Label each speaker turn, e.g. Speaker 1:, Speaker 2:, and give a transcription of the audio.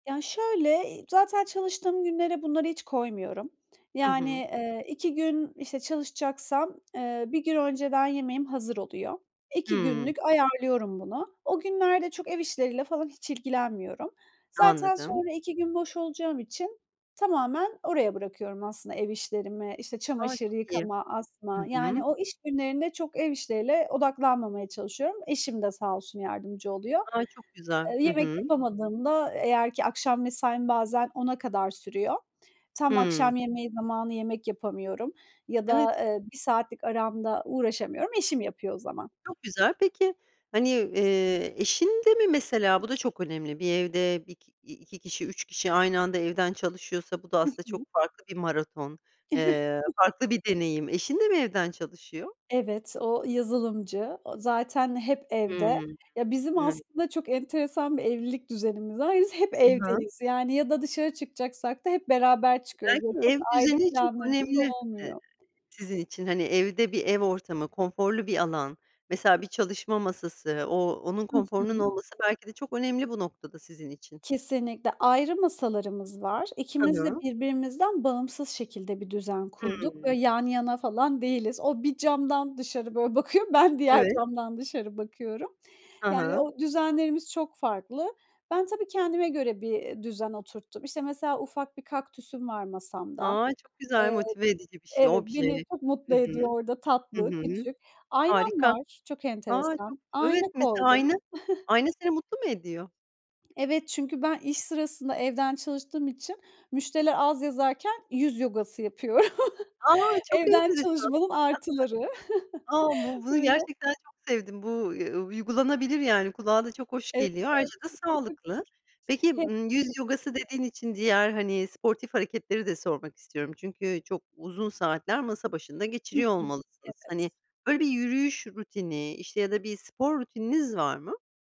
Speaker 1: Ya, şöyle, zaten çalıştığım günlere bunları hiç koymuyorum.
Speaker 2: Hı
Speaker 1: Yani,
Speaker 2: hı.
Speaker 1: eee, 2 gün, işte, çalışacaksam, eee, 1 gün önceden yemeğim hazır oluyor. 2
Speaker 2: Hıı.
Speaker 1: günlük ayarlıyorum bunu. O günlerde çok ev işleriyle falan hiç ilgilenmiyorum. Zaten
Speaker 2: Anladım.
Speaker 1: sonra 2 gün boş olacağım için tamamen oraya bırakıyorum aslında ev işlerimi. İşte,
Speaker 2: A,
Speaker 1: çamaşır
Speaker 2: çok iyi.
Speaker 1: yıkama,
Speaker 2: Hı
Speaker 1: asma,
Speaker 2: hı.
Speaker 1: yani, o iş günlerinde çok ev işleriyle odaklanmamaya çalışıyorum. Eşim de sağ olsun yardımcı oluyor.
Speaker 2: A, çok güzel.
Speaker 1: Eee,
Speaker 2: Hı
Speaker 1: yemek
Speaker 2: hı.
Speaker 1: yapamadığımda, eğer ki akşam mesaim bazen 22.00'a kadar sürüyor. Tam
Speaker 2: Hıı.
Speaker 1: akşam yemeği zamanı yemek yapamıyorum ya da,
Speaker 2: Evet.
Speaker 1: eee, 1 saatlik aramda uğraşamıyorum. Eşim yapıyor o zaman.
Speaker 2: Çok güzel. Peki, hani, eee, eşin de mi mesela, bu da çok önemli, bir evde bi 2 kişi, 3 kişi aynı anda evden çalışıyorsa, bu da
Speaker 1: Hı
Speaker 2: aslında çok
Speaker 1: hı.
Speaker 2: farklı bir maraton,
Speaker 1: Evet.
Speaker 2: eee, farklı bir deneyim. Eşin de mi evden çalışıyor?
Speaker 1: Evet, o yazılımcı. O zaten hep
Speaker 2: Hıı.
Speaker 1: evde. Ya, bizim
Speaker 2: [unintelligible]
Speaker 1: aslında çok enteresan bir evlilik düzenimiz var. Biz hep
Speaker 2: I hı.
Speaker 1: evdeyiz. Yani, ya da dışarı çıkacaksak da hep beraber çıkıyoruz ve
Speaker 2: Belki,
Speaker 1: çok
Speaker 2: ev
Speaker 1: ayrı
Speaker 2: düzeni çok
Speaker 1: planlarımız
Speaker 2: önemli, e,
Speaker 1: olmuyor.
Speaker 2: sizin için, hani, evde bir ev ortamı konforlu bir alan mesela bir çalışma masası o onun
Speaker 1: Hı
Speaker 2: konforunun
Speaker 1: hı.
Speaker 2: olması belki de çok önemli bu noktada sizin için.
Speaker 1: Kesinlikle. Ayrı masalarımız var.
Speaker 2: Hı
Speaker 1: İkimiz de
Speaker 2: hı.
Speaker 1: birbirimizden bağımsız şekilde bir düzen kurduk.
Speaker 2: Hıı.
Speaker 1: Böyle, yan yana falan değiliz. O bir camdan dışarı, böyle, bakıyor, ben diğer
Speaker 2: Evet.
Speaker 1: camdan dışarı bakıyorum.
Speaker 2: Hı
Speaker 1: Yani,
Speaker 2: hı.
Speaker 1: o düzenlerimiz çok farklı. Ben tabii kendime göre bir düzen oturttum. İşte, mesela ufak bir kaktüsüm var masamda.
Speaker 2: A, çok güzel
Speaker 1: Eee,
Speaker 2: motive edici bir şey,
Speaker 1: evet,
Speaker 2: obje.
Speaker 1: beni çok mutlu
Speaker 2: Hı hı,
Speaker 1: ediyor orada,
Speaker 2: hı
Speaker 1: tatlı,
Speaker 2: hı.
Speaker 1: küçük. Aynam
Speaker 2: Harika.
Speaker 1: var. Çok
Speaker 2: Ha, çok
Speaker 1: enteresan. Ayna
Speaker 2: evet, mesela
Speaker 1: koydum.
Speaker 2: ayna. Ayna seni mutlu mu ediyor?
Speaker 1: Evet çünkü ben iş sırasında evden çalıştığım için müşteriler az yazarken yüz yogası yapıyorum.
Speaker 2: A, çok enteresan.
Speaker 1: Evden çalışmanın artıları.
Speaker 2: A, bu bunu
Speaker 1: Böyle
Speaker 2: gerçekten çok sevdim bu, uuu, uygulanabilir, yani, kulağa da çok hoş geliyor. Ayrıca da sağlıklı. Peki, ımm, yüz
Speaker 1: [unintelligible]
Speaker 2: yogası dediğin için diğer, hani, sportif hareketleri de sormak istiyorum. Çünkü çok uzun saatler masa başında
Speaker 1: Hı hı.
Speaker 2: geçiriyor olmalısınız.
Speaker 1: Evet.
Speaker 2: Hani, böyle, bir yürüyüş rutini işte ya da bir spor rutininiz var mı?